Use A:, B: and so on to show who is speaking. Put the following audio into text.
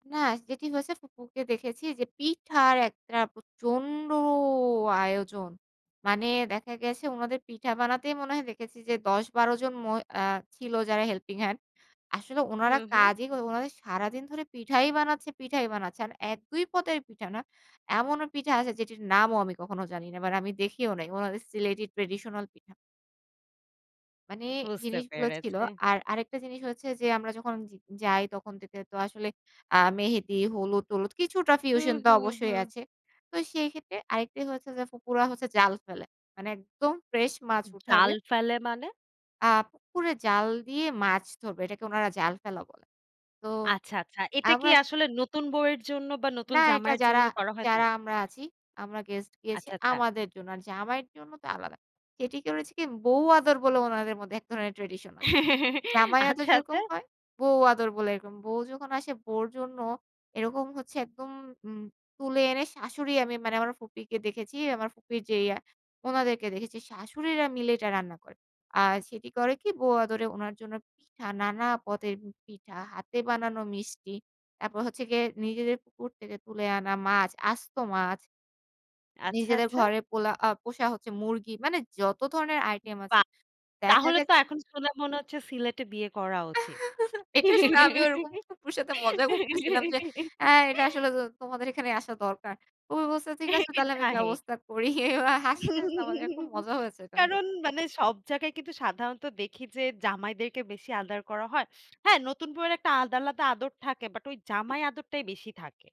A: না যেটি হয়েছে ফুপুকে দেখেছি যে পিঠার একটা প্রচণ্ড আয়োজন। মানে দেখা গেছে ওনাদের পিঠা বানাতেই মনে হয় দেখেছি যে ১০ ১২ জন মই আ ছিল যারা হেল্পিং হ্যান্ড। আসলে
B: হু,
A: ওনারা
B: হু।
A: কাজই ওনাদের সারাদিন ধরে পিঠাই বানাচ্ছে, পিঠাই বানাচ্ছে আর ১-২ পদের পিঠা না। এমনও পিঠা আছে যেটির নামও আমি কখনো জানি না মানে আমি দেখিও নাই ওনাদের সিলেটি ট্র্যাডিশনাল পিঠা। মানে
B: বুঝতে
A: জিনিসগুলো ছিল।
B: পেরেছি।
A: আর আরেকটা জিনিস হচ্ছে যে আমরা যখন য যাই তখন দেখতে তো আসলে আ মেহেদি, হলুদ, টলুদ কিছুটা
B: হুম,
A: ফিউশন তো
B: হুম,
A: অবশ্যই
B: হুম।
A: আছে। তো সেইক্ষেত্রে আরেকটা হচ্ছে যে ফুফুরা হচ্ছে জাল ফেলে। মানে একদম ফ্রেশ মাছ উঠাবে।
B: জাল ফেলে মানে?
A: আ পুকুরে জাল দিয়ে মাছ ধরবে। এটাকে উনারা জাল ফেলা বলে। তো
B: আচ্ছা, আচ্ছা। এটা কি
A: আমরা
B: আসলে নতুন বৌয়ের জন্য বা নতুন
A: না এটা
B: জামাইয়ের
A: যারা,
B: জন্য করা হয় তো?
A: যারা আমরা আছি আমরা গেস্ট গেছি
B: আচ্ছা, আচ্ছা।
A: আমাদের জন্য। আর জামাইয়ের জন্য তো আলাদা। যেটি করেছে কি বৌ আদর বলে ওনাদের মধ্যে এক ধরনের ট্র্যাডিশন আছে। জামাই আদর
B: আচ্ছা, আচ্ছা।
A: যেরকম হয় বউ আদর বলে এরকম। বউ যখন আসে বউর জন্য এরকম হচ্ছে একদম তুলে এনে শাশুড়ি আমি মানে আমার ফুপিকে দেখেছি আমার ফুপির যে ওনাদেরকে দেখেছি শাশুড়িরা মিলে এটা রান্না করে। আর সেটি করে কি বৌ আদরে ওনার জন্য পিঠা নানা পদের পিঠা হাতে বানানো মিষ্টি, তারপর হচ্ছে গিয়ে নিজেদের পুকুর থেকে তুলে আনা মাছ, আস্ত মাছ।
B: আচ্ছা,
A: নিজেদের
B: আচ্ছা।
A: ঘরে পোলা পোষা হচ্ছে মুরগি মানে যত ধরনের আইটেম আছে
B: বাহ!
A: দেখা
B: তাহলে তো
A: গেছে
B: এখন শুনে মনে হচ্ছে সিলেটে বিয়ে করা উচিত।
A: এটা শুনে আমি ওরকম ফুফুর সাথে মজা করতেছিলাম যে আ এটা আসলে তোমাদের এখানে আসা দরকার। ফুফু বলছে ঠিক আছে তাহলে আমি
B: সেটাই।
A: ব্যবস্থা করি ওরা হাসতে খুব মজা হয়েছে এটা নিয়ে।
B: কারণ মানে সব জায়গায় কিন্তু সাধারণত দেখি যে জামাইদেরকে বেশি আদর করা হয়। হ্যাঁ নতুন বউয়ের একটা আলাদা, আলাদা আদর থাকে বাট ওই জামাই আদরটাই বেশি থাকে।